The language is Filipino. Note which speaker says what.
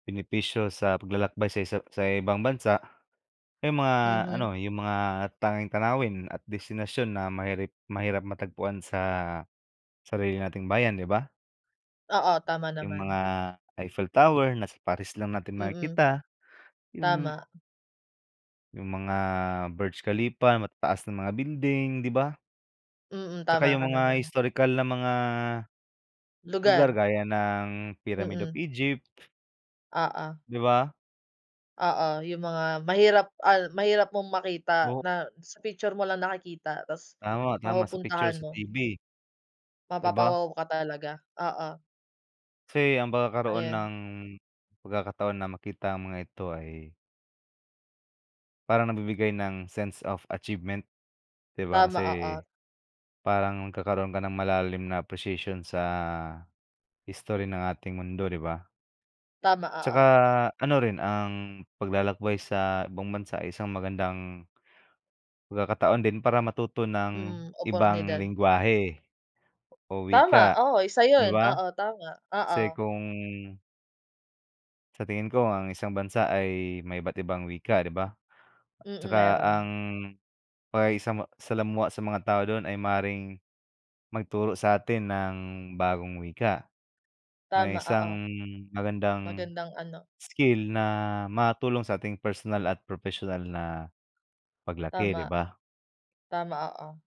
Speaker 1: Benepisyo sa paglalakbay sa isa sa ibang bansa, yung mga
Speaker 2: Mhm.
Speaker 1: ano yung mga tanging tanawin at destinasyon na mahirap mahirap matagpuan sa sarili nating bayan 'di ba?
Speaker 2: Oo, tama
Speaker 1: Yung mga
Speaker 2: naman.
Speaker 1: Eiffel Tower na sa Paris lang natin
Speaker 2: Mm.
Speaker 1: makikita. Yung
Speaker 2: Tama.
Speaker 1: Yung mga Burj Khalifa matataas na mga building 'di ba?
Speaker 2: Mm,
Speaker 1: Tsaka
Speaker 2: tama
Speaker 1: yung
Speaker 2: ka
Speaker 1: mga
Speaker 2: naman.
Speaker 1: historikal na mga lugar
Speaker 2: Lugar.
Speaker 1: gaya ng Pyramid of
Speaker 2: Mm.
Speaker 1: Egypt.
Speaker 2: Oo.
Speaker 1: Di ba.
Speaker 2: Oo, yung mga mahirap, ah, mahirap mong makita
Speaker 1: O
Speaker 2: na sa picture mo lang nakikita tas
Speaker 1: Tama, tama sa picture
Speaker 2: mapupuntahan
Speaker 1: sa
Speaker 2: mo.
Speaker 1: TV Di ba.
Speaker 2: Mapapa-wow ka talaga, oo.
Speaker 1: Kasi ang pagkakaroon
Speaker 2: Ayan.
Speaker 1: ng pagkakataon na makita ang mga ito ay parang nabibigay ng sense of achievement 'di ba
Speaker 2: Tama,
Speaker 1: kasi,
Speaker 2: oo.
Speaker 1: parang nagkakaroon ka ng malalim na presisyon sa, history ng ating mundo 'di ba?
Speaker 2: Tama,
Speaker 1: Tsaka
Speaker 2: oo.
Speaker 1: ano rin ang paglalakbay sa ibang bansa ay isang magandang pagkakataon din para matuto ng
Speaker 2: Mm,
Speaker 1: ibang
Speaker 2: oportunidad.
Speaker 1: lenggwahe o
Speaker 2: Tama,
Speaker 1: wika
Speaker 2: oo isa
Speaker 1: 'di
Speaker 2: yun,
Speaker 1: ba?
Speaker 2: oo tama,
Speaker 1: Kasi
Speaker 2: oo.
Speaker 1: kung Sa tingin ko ang isang bansa ay may iba't ibang wika 'di ba?
Speaker 2: Mm,
Speaker 1: Tsaka ang
Speaker 2: meron.
Speaker 1: pakikisama salamuha sa mga tao dun ay maaaring magturo sa atin ng bagong wika. Na
Speaker 2: Tama, oo.
Speaker 1: isang magandang
Speaker 2: Magandang ano
Speaker 1: skill na matulong sa ating personal at professional na paglaki 'di
Speaker 2: Tama.
Speaker 1: ba?
Speaker 2: Tama, oo.